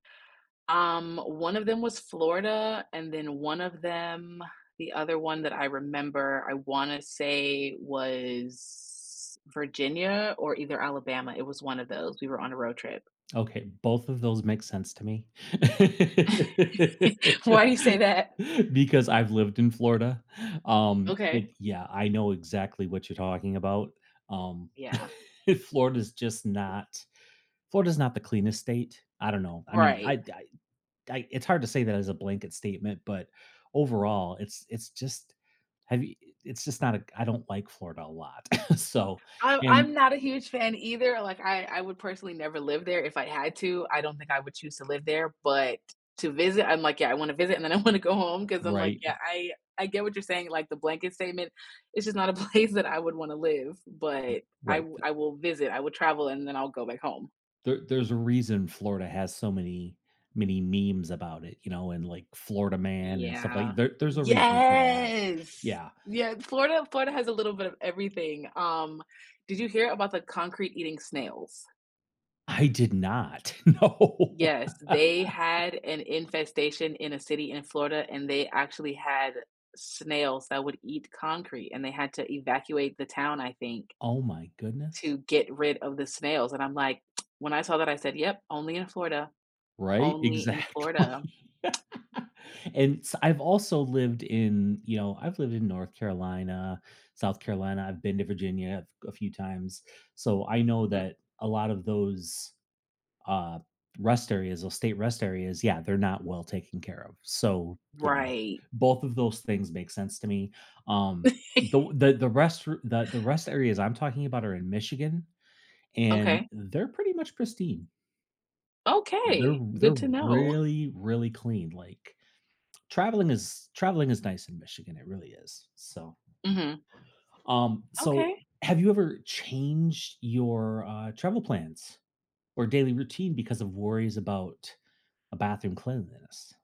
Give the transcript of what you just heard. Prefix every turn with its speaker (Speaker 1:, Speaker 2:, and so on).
Speaker 1: Um, one of them was Florida, and then one of them the other one that I remember, I wanna say was Virginia or either Alabama. It was one of those. We were on a road trip.
Speaker 2: Okay, both of those make sense to me
Speaker 1: Why do you say that?
Speaker 2: Because I've lived in Florida. Um,
Speaker 1: Okay.
Speaker 2: yeah, I know exactly what you're talking about. Um,
Speaker 1: Yeah.
Speaker 2: Florida is just not, Florida is not the cleanest state. I don't know. I mean,
Speaker 1: Right.
Speaker 2: I I I, it's hard to say that as a blanket statement, but overall, it's it's just, have you i it's just not a I don't like Florida a lot. So,
Speaker 1: I I'm
Speaker 2: and
Speaker 1: not a huge fan either. Like I I would personally never live there if I had to, I don't think I would choose to live there, but to visit, I'm like, yeah, I wanna visit, and then I wanna go home 'cause I'm like,
Speaker 2: Right.
Speaker 1: yeah, I, I get what you're saying, like the blanket statement, it's just not a place that I would want to live, but I
Speaker 2: Right
Speaker 1: wi
Speaker 2: th
Speaker 1: I will visit, I will travel and then I'll go back home.
Speaker 2: There there's a reason Florida has so many, many memes about it, you know, and like Florida man and stuff
Speaker 1: Yeah.
Speaker 2: like there there's a reason for that,
Speaker 1: Yes
Speaker 2: yeah.
Speaker 1: Yeah, Florida, Florida has a little bit of everything. Um, did you hear about the concrete eating snails?
Speaker 2: I did not no.
Speaker 1: Yes, they had an infestation in a city in Florida, and they actually had snails that would eat concrete and they had to evacuate the town, I think.
Speaker 2: Oh my goodness.
Speaker 1: To get rid of the snails, and I'm like, when I saw that, I said, "Yep, only in Florida,
Speaker 2: Right,
Speaker 1: only in
Speaker 2: exactly
Speaker 1: Florida."
Speaker 2: And s I've also lived in, you know I've lived in North Carolina, South Carolina, I've been to Virginia a f few times, so I know
Speaker 1: Mhm.
Speaker 2: that a lot of those uh, rest areas or state rest areas, yeah, they're not well taken care of. So, yeah,
Speaker 1: Right.
Speaker 2: both of those things make sense to me. Um, th the rest the the rest areas I'm talking about are in Michigan, and
Speaker 1: Okay.
Speaker 2: they're pretty much pristine. They're
Speaker 1: Okay. Good
Speaker 2: they're
Speaker 1: to know.
Speaker 2: really, really clean, like traveling is traveling is nice in Michigan it really is, so.
Speaker 1: Mhm.
Speaker 2: Um, so
Speaker 1: Okay.
Speaker 2: have you ever changed your, uh, travel plans or daily routine because of worries about a bathroom cleanliness?